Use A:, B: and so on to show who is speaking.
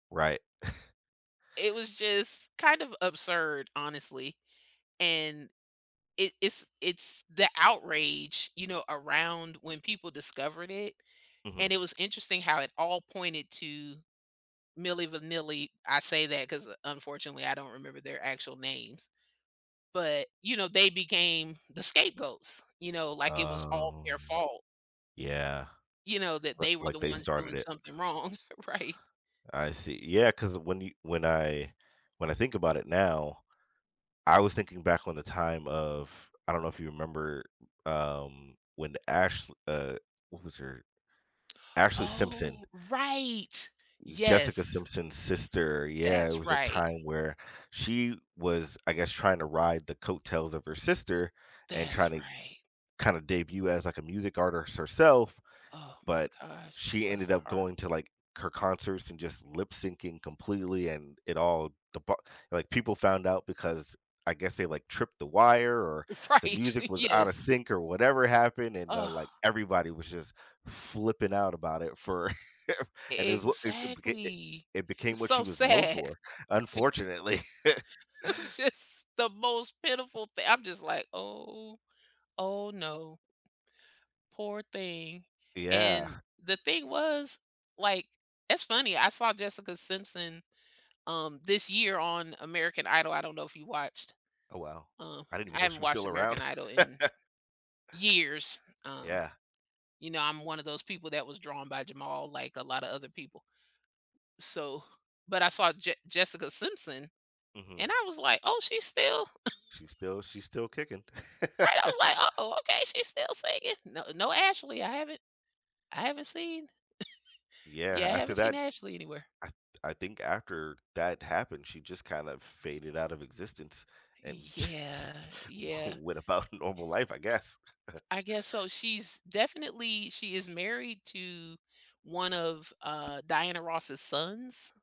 A: Right.
B: It was just kind of absurd, honestly, and it it's it's the outrage, you know, around when people discovered it and
A: Mhm.
B: it was interesting how it all pointed to Milli Vanilli. I say that 'cause unfortunately, I don't remember their actual names. But, you know, they became the scapegoats, you know, like, it was all
A: Um,
B: their fault.
A: yeah.
B: You know, that
A: But,
B: they were
A: like,
B: the
A: they
B: ones
A: started
B: doing
A: it.
B: something wrong, right?
A: I see. Yeah, 'cause when you when I when I think about it now, I was thinking back on the time of, I don't know if you remember, um, when Ash uh, what was her Ashley Simpson.
B: Oh, right,
A: Jessica
B: yes.
A: Simpson's sister, yeah, it
B: That's
A: was a
B: right.
A: time where she was, I guess, trying to ride the coattails of her sister and trying
B: That's
A: to,
B: right.
A: kinda debut as, like, a music artist herself,
B: Oh, my
A: but
B: gosh,
A: she
B: bless
A: ended
B: her
A: up
B: heart.
A: going to, like, her concerts and just lip syncing completely and it all, [unintelligible] like, people found out because I guess they, like, tripped the wire, or the
B: Right,
A: music was out of
B: yes.
A: sync or whatever happened and, uh, like,
B: Oh.
A: everybody was just flipping out about it, for and it
B: E
A: was what [unintelligible] it it
B: exactly.
A: it became
B: It's
A: what she
B: so
A: was known
B: sad.
A: for, unfortunately.
B: It was just the most pitiful thing I'm just, like, "Oh, oh no." Poor thing, and
A: Yeah.
B: the thing was, like, it's funny, I saw Jessica Simpson, um, this year on American Idol. I don't know if you watched.
A: Oh, wow,
B: Uh,
A: I didn't even
B: I
A: know
B: haven't
A: she was
B: watched
A: still
B: American
A: around.
B: Idol in, years, um.
A: Yeah.
B: You know, I'm one of those people that was drawn by Jamal, like, a lotta other people. So, but I saw Jes Jessica Simpson
A: Mhm.
B: and I was, like, oh, she's still.
A: She's still she's still kicking.
B: Right, I was, like, uh, oh, okay, she's still singing. No, no, Ashley, I haven't I haven't seen.
A: Yeah,
B: Yeah, I
A: after
B: haven't seen
A: that
B: Ashley anywhere.
A: I I think after that happened, she just kind of faded out of existence and just,
B: Yeah, yeah.
A: went about normal life, I guess.
B: I guess so. She's definitely, she is married to one of, uh, Diana Ross's sons.